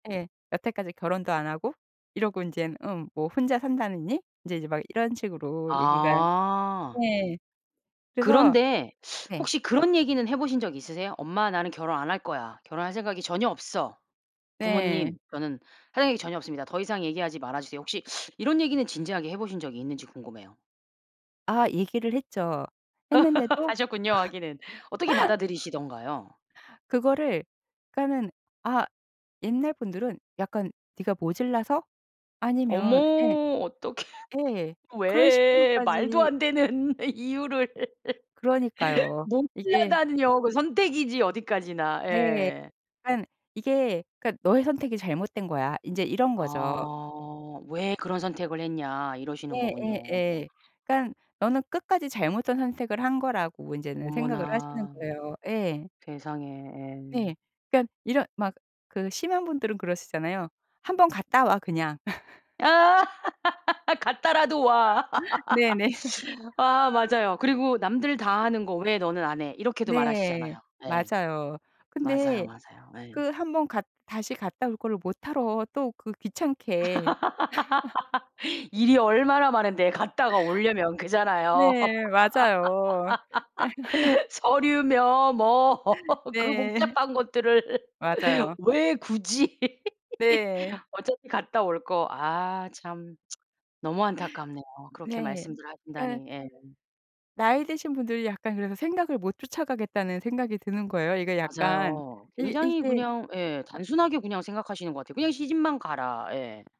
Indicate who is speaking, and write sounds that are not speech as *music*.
Speaker 1: 예. 여태까지 결혼도 안 하고 이러고 인젠 음 뭐 혼자 산다느니 이제, 이제 막 이런 식으로 얘기가
Speaker 2: 아.
Speaker 1: 예. 그래서
Speaker 2: 그런데
Speaker 1: 네.
Speaker 2: 혹시 그런 얘기는 해 보신 적 있으세요? "엄마. 나는 결혼 안 할 거야. 결혼할 생각이 전혀 없어.
Speaker 1: 네.
Speaker 2: 부모님. 저는 할 이야기 전혀 없습니다. 더 이상 얘기하지 말아 주세요." 혹시 이런 얘기는 진지하게 해 보신 적이 있는지 궁금해요.
Speaker 1: 아 얘기를 했죠.
Speaker 2: *laughs*
Speaker 1: 했는데도
Speaker 2: 하셨군요 하기는. 어떻게
Speaker 1: *laughs*
Speaker 2: 받아들이시던가요?
Speaker 1: 그거를 그러니까는 아 옛날 분들은 약간 "네가 모질라서?" 아니면 예.
Speaker 2: 어머 어떡해.
Speaker 1: 예. 그런
Speaker 2: 왜 말도
Speaker 1: 식으로까지
Speaker 2: 안 되는 이유를 *laughs*
Speaker 1: 그러니까요. 이게
Speaker 2: 모자라다니요 그 선택이지 어디까지나
Speaker 1: 네.
Speaker 2: 예.
Speaker 1: 그러니까 이게 "그러니까 너의 선택이 잘못된 거야." 인제 이런 거죠.
Speaker 2: 아. "왜 그런 선택을 했냐." 이러시는 거군요.
Speaker 1: 예예예. 그러니까 너는 끝까지 잘못된 선택을 한 거라고 인제는 생각을 하시는
Speaker 2: 어머나.
Speaker 1: 거예요 예.
Speaker 2: 세상에 예.
Speaker 1: 네. 그러니까 이런 막 그 심한 분들은 그러시잖아요. "1 번 갔다 와 그냥." *laughs*
Speaker 2: 아. *laughs* "갔다라도 와."
Speaker 1: 네네.
Speaker 2: *laughs* 아 맞아요. 그리고 "남들 다 하는 거 왜 너는 안 해." 이렇게도
Speaker 1: 네.
Speaker 2: 말하시잖아요 예.
Speaker 1: 맞아요.
Speaker 2: 맞아요,
Speaker 1: 근데
Speaker 2: 맞아요 예.
Speaker 1: 그 1 번 갔 다시 갔다 올 거를 뭣하러 또 그 귀찮게. *laughs*
Speaker 2: *laughs* 일이 얼마나 많은데 갔다가 오려면 그렇잖아요.
Speaker 1: 네. 맞아요. *laughs*
Speaker 2: *laughs* 서류며 뭐 그
Speaker 1: 네.
Speaker 2: 복잡한 것들을
Speaker 1: 맞아요.
Speaker 2: 왜 굳이.
Speaker 1: 네.
Speaker 2: *laughs* 어차피 갔다 올 거 아 참 *tsk* 너무 안타깝네요 그렇게
Speaker 1: 네.
Speaker 2: 말씀들
Speaker 1: 그러니까
Speaker 2: 하신다니 예.
Speaker 1: 나이 드신 분들이 약간 그래서 생각을 못 쫓아가겠다는 생각이 드는 거예요 이게 약간.
Speaker 2: 맞아요.
Speaker 1: 이
Speaker 2: 굉장히
Speaker 1: 이게
Speaker 2: 그냥 예 단순하게 그냥 생각하시는 것 같아요. "그냥 시집만 가라." 예.